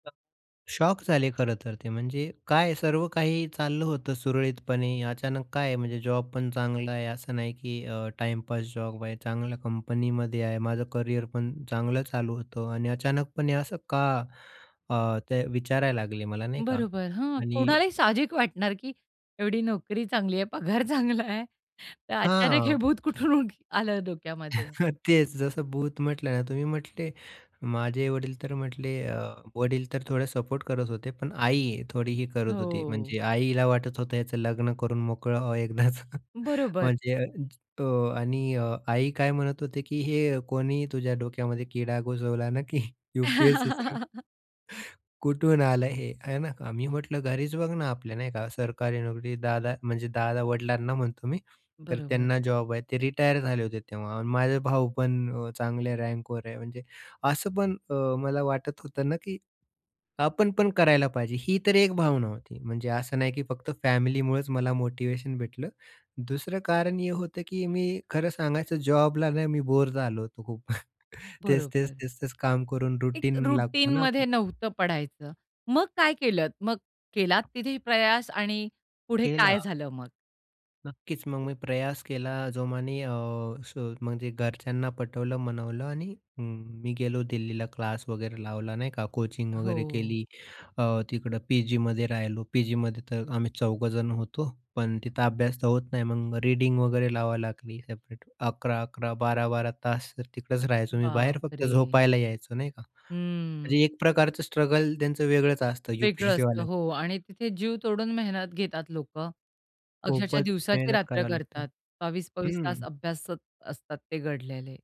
अ, shock झाले खरं तर, ते. म्हणजे काय? सर्व काही चाललं होतं सुरळीतपणे, अचानक काय आहे? म्हणजे जॉबपण चांगला आहे. असं नाही, की अ, टाईमपास जॉब आहे. चांगल्या कंपनीमध्ये आहे. माझं करिअर पण चांगलं चालू होतं आणि अचानकपणे "असं का?" अ, ते विचारायला लागले मला नाही का? बरोबर, हां. आणि कुणालाही साहजिक वाटणार, की एवढी नोकरी चांगली आहे, पगार चांगला आहे, तर अचानक हे हां. भूत कुठून उड आलं डोक्यामध्ये. तेच जसं भूत म्हटलं ना तुम्ही, मी म्हटले, माझे वडीलतर म्हटले अ, वडील तर थोडे सपोर्ट करत होते, पण आई थोडी ही करत होती. हो. म्हणजे आईला वाटत होतं याचं लग्न करून मोकळं व्हावं एकदाचं. बरोबर. म्हणजे अ, तो आणि अ, आई काय म्हणत होते, की "हे कोणी तुझ्या डोक्यामध्ये कीडा घुसवला ना, की यूपीएससी सांग." "कुठून आलं हे?" आहे ना. अ, मी म्हटलं "घरीच बघ ना, आपल्या नाही का सरकारी नोकरी दादा" म्हणजे दादा वडिलांना म्हणतो मी. तर बरोबर. त्यांना जॉब आहे. ते रिटायर झाले होते तेव्हा. माझे भाऊ पण अ, चांगल्या रँकवर आहे, म्हणजे असं पण अ, मला वाटत होतं ना, की आपण पण करायला पाहिजे. ही तर एक भावना होती, म्हणजे असं नाही की फक्त फॅमिलीमुळच मला मोटिव्हेशन भेटलं. दुसरं कारण हे होतं, की मी खरं सांगायचं जॉबला नाही मी बोर झालो होतो खूप. तेच-तेच, बरोबर. तेच-तेच काम करून एक रूटीन लागतो ना, आप रुटीनमध्ये नव्हतं पडायचं, मग काय केलत? मग केलात तिथे प्रयास आणि पुढे केला. काय झालं मग? नक्कीच, मग मी प्रयास केला जोमाने अ, स म्हणजे घरच्यांना पटवलं, मनवलं आणि अं, मी गेलो दिल्लीला. क्लास वगैरे लावला नाही का, कोचिंग वगैरे हो. केली. अ, तिकडं पी जीमध्ये राहिलो. पीजीमध्ये तर आम्ही चौघजण होतो, पण तिथं अभ्यास तर होत नाही, मग रीडिंग वगैरे लावावी लागली सेपरेट. 11-11, 12-12 तास तर तिकडंच राहायचो, मी बाहेर फक्त बापरे! झोपायला यायचो नाही का. हम्म. म्हणजे एक प्रकारचं स्ट्रगल त्यांचं वेगळंच असतं वेगळं असतं, यूपीयससीवाल्यांच. हो आणि तिथे जीव तोडून मेहनत घेतात लोकं. अक्षरशः खूपच दिवसाची मेहनत रात्र करावी लागते करतात. 22-22 तास हं. अभ्यासात असतात, ते गडलेले.